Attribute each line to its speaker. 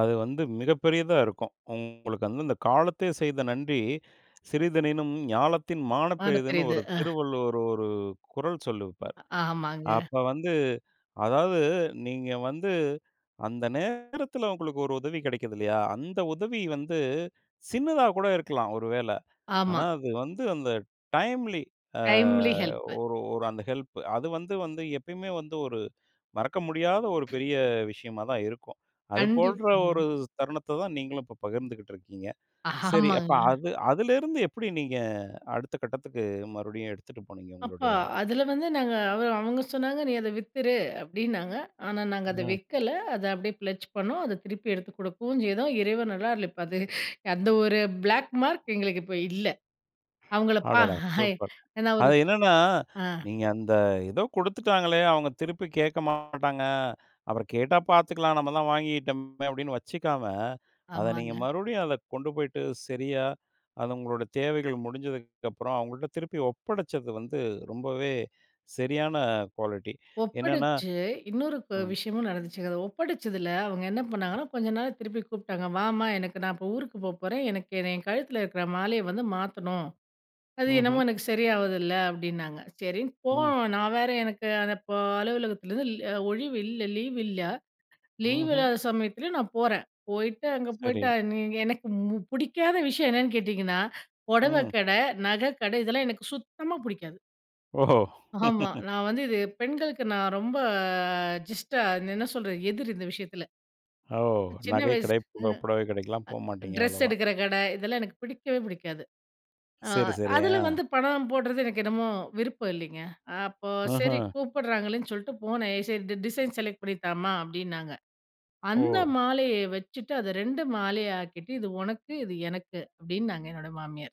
Speaker 1: அது வந்து, மிகப்பெரியதா இருக்கும். உங்களுக்கு வந்து, இந்த காலத்தே செய்த நன்றி சிறிதெனினும் ஞாலத்தின் மாணப்
Speaker 2: மாணப்
Speaker 1: பெரிதுன்னு
Speaker 2: பெரிது.
Speaker 1: ஒரு,
Speaker 2: அ.
Speaker 1: திருவள்ளுவர் ஒரு குறள் சொல்லிருப்பாரு.
Speaker 2: அ ஆமாங்க.
Speaker 1: அப்ப வந்து அதாவது நீங்க வந்து அந்த நேரத்தில உங்களுக்கு ஒரு உதவி கிடைக்குது இல்லையா? அந்த உதவி வந்து சின்னதா கூட இருக்கலாம், ஒரு வேளை. ஆனா,
Speaker 2: ஆமா.
Speaker 1: அது வந்து அந்த டைம்லி, அ
Speaker 2: டைம்லி ஹெல்ப்பு.
Speaker 1: ஒரு ஒரு அந்த ஹெல்ப். அது வந்து வந்து எப்பயுமே வந்து ஒரு மறக்க முடியாத ஒரு பெரிய விஷயமா தான் இருக்கும். அது
Speaker 2: கண்டிப்
Speaker 1: போன்ற ஒரு தருணத்தத்தான் நீங்களும் இப்ப பகிர்ந்துக்கிட்டு இருக்கீங்க. சரி, அப்ப
Speaker 2: ஆமாங்க.
Speaker 1: அது அதுலேருந்து, எப்படி நீங்க அடுத்த கட்டத்துக்கு மறுபடியும் எடுத்துட்டு போனீங்க
Speaker 2: அப்ப
Speaker 1: உங்களுடைய
Speaker 2: அதுல வந்து நாங்க அவ அவங்க சொன்னாங்க, "நீ அத வித்துரு" அப்படின்னாங்க. ஆனா நாங்க அத
Speaker 1: ம்.
Speaker 2: விக்கல. அத அப்படியே ஃபிளட்ஜ் பண்ணோம். அத திருப்பி எடுத்து குடுக்கவுஞ் செய்தோம். இறைவன் அருளால் இப்ப அது அந்த ஒரு பிளேக் மார்க் எங்களுக்கு இப்ப இல்ல. அவங்கள பா
Speaker 1: அடடா! சூப்பர்.
Speaker 2: ஏன்னா ஒரு
Speaker 1: அது என்னென்னா,
Speaker 2: ஆ.
Speaker 1: நீங்க அந்த எதோ குடுத்துட்டாங்களே, அவுங்க திருப்பி கேட்க மாட்டாங்க. அப்பறம் கேட்டா பாத்துக்கலாம். நம்ம தான் வாங்கிட்டம்மே, அப்படின்னு வச்சுக்காம, அத நீங்க
Speaker 2: ஆமாங்க.
Speaker 1: மறுபடியும் அத கொண்டு போய்ட்டு சரியா, அது உங்களோட தேவைகள் முடிஞ்சதுக்குப்பறம், அவங்கள்ட்ட திருப்பி ஒப்படைச்சது வந்து, ரொம்பவே சரியான குவாலிட்டி. என்னன்னா
Speaker 2: ஒப்படைச்சு, இன்னொரு ப
Speaker 1: ம்.
Speaker 2: விஷயமும் நடந்துச்சுங்க. அத ஒப்படைச்சதுல அவுங்க என்ன பண்ணாங்கன்னா, கொஞ்ச நாள்ல திருப்பி கூப்பிட்டாங்க. "வாம்மா! எனக்கு நான் இப்ப ஊருக்கு போப்போறேன். எனக்கு என்ன கழுத்தில இருக்குற மாலையை வந்து மாத்தணும். அது என்னமோ
Speaker 1: ம்ஹ்ம்.
Speaker 2: எனக்கு சரியா ஆவுதில்ல." அப்படின்னாங்க. சரின்னு
Speaker 1: ம்.
Speaker 2: போனோம். நான் வேற எனக்கு அந்த ப அலுவலகத்துலேருந்து ல் ஒழிவு இல்ல லீவு இல்ல. லீவ்
Speaker 1: ம்ஹ்ம்.
Speaker 2: இல்லாத சமயத்துலயும் நான் போறேன். போய்ட்டு அங்க
Speaker 1: சரி.
Speaker 2: போய்ட்டா, நீங்க எனக்கு ம் புடிக்காத விஷயம் என்னன்னு கேட்டீங்கன்னா, பொடவை
Speaker 1: ம்.
Speaker 2: கடை, நகை கடை இதெல்லாம் எனக்கு சுத்தமா புடிக்காது.
Speaker 1: ஓஹோ!
Speaker 2: ஆமா. நான் வந்து இது பெண்களுக்கு நான் ரொம்ப ஜஸ்ட் அ என்ன சொல்றது? எதிரி இந்த விஷயத்துல.
Speaker 1: ஓ!
Speaker 2: சின்ன வயசு
Speaker 1: நகைக்கடை,
Speaker 2: [unintelligible]
Speaker 1: புக புடவை கடைக்கல்லாம் போக
Speaker 2: அ
Speaker 1: மாட்டீங்க,
Speaker 2: ட்ரெஸ்
Speaker 1: அவ்வளவா.
Speaker 2: எடுக்கிற கடை ,இதெல்லாம் எனக்கு பிடிக்கவே பிடிக்காது. ஆ
Speaker 1: சரி, சரி.
Speaker 2: அதுல
Speaker 1: அ.
Speaker 2: வந்து பணம் போடுறது எனக்கு என்னமோ விருப்பம் இல்லைங்க. அப்போ சரி
Speaker 1: ம்ஹ்ம்.
Speaker 2: கூப்பிடுறாங்களேன்னு சொல்லிட்டு போனேன். "சரி, டி டிசைன் செலக்ட் பண்ணி தாம்மா" அப்படின்னாங்க.
Speaker 1: ஓ!
Speaker 2: அந்த மாலையை வச்சுட்டு, அத 2 மாலையா ஆக்கிட்டு, "இது உனக்கு, இது எனக்கு." அப்படின்னாங்க என்னோட மாமியார்.